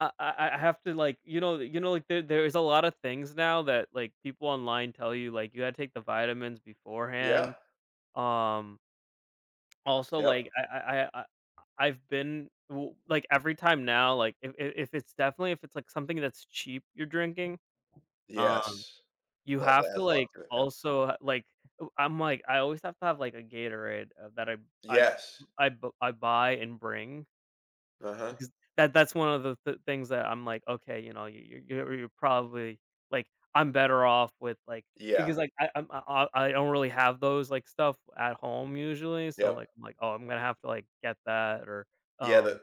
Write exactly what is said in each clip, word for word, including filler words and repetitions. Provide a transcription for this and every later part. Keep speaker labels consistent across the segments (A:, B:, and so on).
A: I I I have to, like, you know the you know, like there there's a lotta things now that, like, people online tell you, like, you had to take the vitamins
B: Yeah.
A: beforehand. Um also,
B: Yep.
A: like, I I I, uh I I've been w like, every time now, like, if if if it's definitely, if it's, like, something that's cheap you're drinking,
B: Yes.
A: um, you
B: That
A: have
B: that
A: to,
B: has a lot
A: like,
B: to it, yup.
A: also, like, ooh I'm, like, I always have to have, like, a Gatorade, uh, that I I
B: Yes.
A: I b I buy and bring
B: Uh-huh.
A: because that that's one of the the things that I'm like, okay, you know, y y you're probably like, I'm better off with like
B: Yeah.
A: because like, I I'm uh, uh, I don't really have those, like, stuff at home usually. So,
B: Yep.
A: like, I'm like, "Oh, I'm gonna have to like, get that or,
B: Yeah,
A: um"
B: the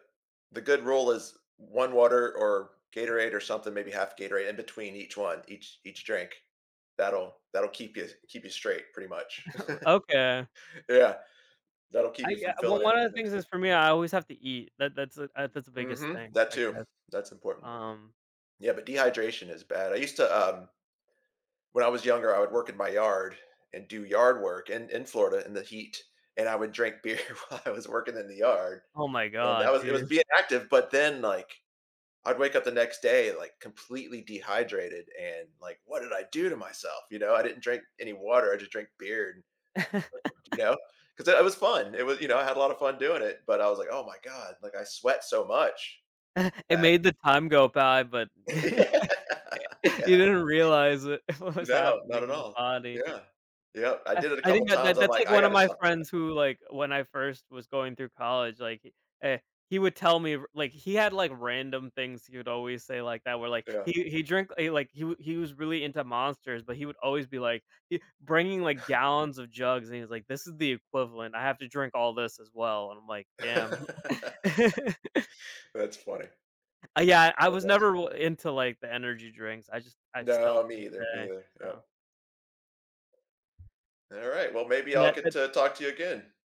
B: the good rule is one water or Gatorade or something, maybe half Gatorade in between each one, each each drink. That'll that'll keep you keep you straight pretty much.
A: Okay.
B: Yeah. That'll keep
A: I,
B: you
A: uh
B: from
A: well,
B: filling it.
A: one of the things
B: Mixed in.
A: is for me, I always have to eat. That that's the uh, that's the biggest
B: Mhm.
A: thing
B: That
A: I
B: too.
A: guess,
B: That's important.
A: um
B: Yeah, but dehydration is bad, I used to, um when I was younger, I would work in my yard and do yard work in in Florida in the heat, and I would drink beer while I was working in the yard,
A: Oh my
B: and I
A: god,
B: was it was
A: dude.
B: being active, but then, like, I'd wake up the next day, like, completely dehydrated and, like, "What did I do to myself?" You know? I didn't drink any water, I just drink beer. [unintelligible] you know? 'Cause it it was fun. It wa you know, I had a lot of fun doing it, but I was like, "Oh my god, like, I sweat so much."
A: It
B: That
A: made the time go by, but you
B: Yeah.
A: didn't realize it. What was
B: No. Not
A: happening
B: at
A: in the
B: all.
A: body.
B: Yeah. Yep. I
A: Uh,
B: did it a
A: I
B: couple
A: think that
B: times.
A: that
B: I'm
A: that's
B: like,
A: like
B: "I
A: one of
B: gotta
A: my
B: stop with it."
A: friends who, like, when I first was going through college, like, eh, he would tell me r like, he had, like, random things he would always say like that were, like,
B: Yeah.
A: he he drink he, like, he he was really into Monsters, but he would always be, like, he bringing, like, gallons of jugs. And he was like, "This is the equivalent. I have to drink all this as well." And I'm like, "Damn."
B: That's funny.
A: Ah, yeah. I
B: That's
A: was
B: awesome.
A: never r into like the energy drinks. I just I still
B: No,
A: to
B: me
A: this
B: either, me
A: day,
B: either,
A: so
B: yep. Alright, well, maybe I'll get
A: [unintelligible]
B: to talk to you again.